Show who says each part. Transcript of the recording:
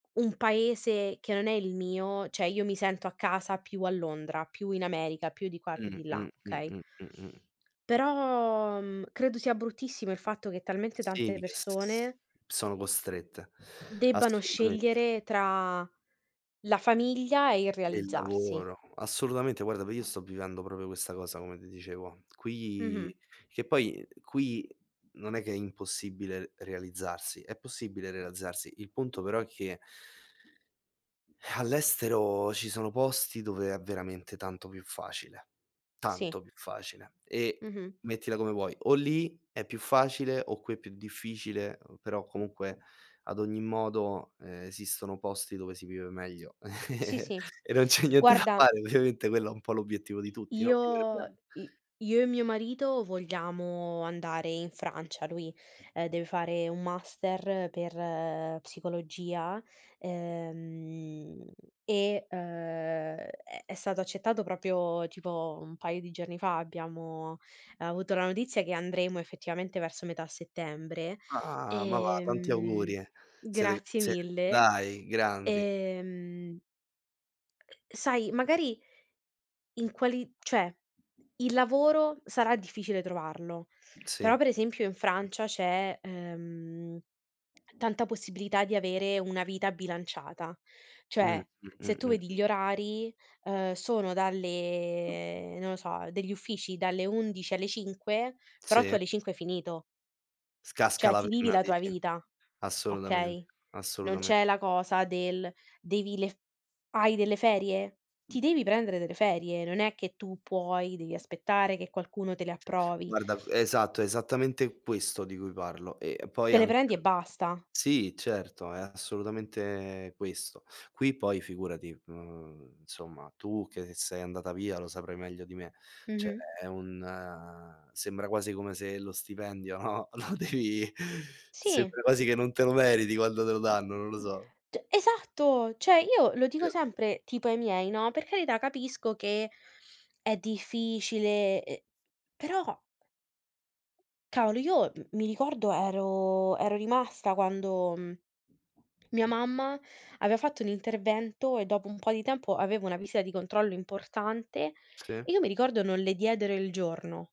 Speaker 1: Un paese che non è il mio, cioè io mi sento a casa più a Londra, più in America, più di qua e più
Speaker 2: Mh,
Speaker 1: di là,
Speaker 2: mh, mh,
Speaker 1: okay?
Speaker 2: mh, mh-mh.
Speaker 1: Però, mhmm, credo sia bruttissimo il fatto che talmente
Speaker 2: Sì,
Speaker 1: tante
Speaker 2: che s
Speaker 1: persone
Speaker 2: sono costrette.
Speaker 1: debbano
Speaker 2: Assolutamente.
Speaker 1: scegliere tra la famiglia e il
Speaker 2: E il
Speaker 1: realizzarsi.
Speaker 2: lavoro, assolutamente. Guarda, v io sto vivendo proprio questa cosa come ti dicevo.
Speaker 1: Mh-mh.
Speaker 2: Qui che poi qui non è che è impossibile realizzarsi, è possibile realizzarsi. Il punto però è che all'estero ci sono posti dove è veramente tanto più facile,
Speaker 1: Sì.
Speaker 2: tanto più facile e
Speaker 1: Mh-mh.
Speaker 2: mettila come vuoi, o lì è più facile o qui è più difficile, uhm, però comunque, ad ogni modo, esistono posti dove si vive meglio
Speaker 1: Sì, sì.
Speaker 2: e non c'è niente da
Speaker 1: Guarda
Speaker 2: fare. Ovviamente quello è un po' l'obiettivo di tutti, no, vivere
Speaker 1: io
Speaker 2: bene.
Speaker 1: i io e mio marito vogliamo andare in Francia, lui, ehm, deve fare un master per psicologia, ehm, e, uhm, è è stato accettato proprio tipo un paio di giorni fa, abbiamo avuto la notizia che andremo effettivamente verso metà settembre.
Speaker 2: Ah, ma va, tanti
Speaker 1: Ehm,
Speaker 2: auguri. Siete
Speaker 1: grazie
Speaker 2: ze
Speaker 1: mille,
Speaker 2: dai, grandi!
Speaker 1: ehm, sai magari in quali cioè il lavoro sarà difficile trovarlo,
Speaker 2: Sì.
Speaker 1: però per esempio in Francia c'è, ehm, tanta possibilità di avere una vita bilanciata,
Speaker 2: Mh,
Speaker 1: cioè se tu
Speaker 2: mh-mh-mh-mh.
Speaker 1: vedi gli orari, uhm, sono dalle non lo so, degli uffici dalle 11 alle 5, però tu
Speaker 2: Sì.
Speaker 1: alle 5 hai finito.
Speaker 2: S casca
Speaker 1: Cioè
Speaker 2: la
Speaker 1: ti vivi
Speaker 2: [unintelligible]
Speaker 1: la tua
Speaker 2: dici?
Speaker 1: vita.
Speaker 2: Assolutamen
Speaker 1: Okay. Non
Speaker 2: assolutame
Speaker 1: c'è la cosa del devi le f hai delle ferie? Ti devi prendere delle ferie, non è che tu puoi dei aspettare che qualcuno te le approvi
Speaker 2: Guarda esatto, esattamente questo di cui parlo. E poi
Speaker 1: Te le
Speaker 2: anche
Speaker 1: prendi e basta.
Speaker 2: sì, certo, è assolutamente questo. Qui poi figurati, mhmm, insomma tu che sei andata via lo saprai meglio di me. Cioè
Speaker 1: Mh-mh.
Speaker 2: è un uhm, sembra quasi come se lo stipendio, no, lo devi
Speaker 1: Sì.
Speaker 2: sembra quasi che non te lo meriti quando te lo danno, non lo so.
Speaker 1: Cioè esatto, cioè io lo dico
Speaker 2: Vero.
Speaker 1: sempre tipo ai miei, no, per carità capisco che è difficile, e però Cavolo, io m mi ricordo ero ero rimasta quando, mhmm, mia mamma aveva fatto un intervento e dopo un po' di tempo aveva una visita di controllo importante e
Speaker 2: Sì.
Speaker 1: io mi ricordo non le diedero il giorno.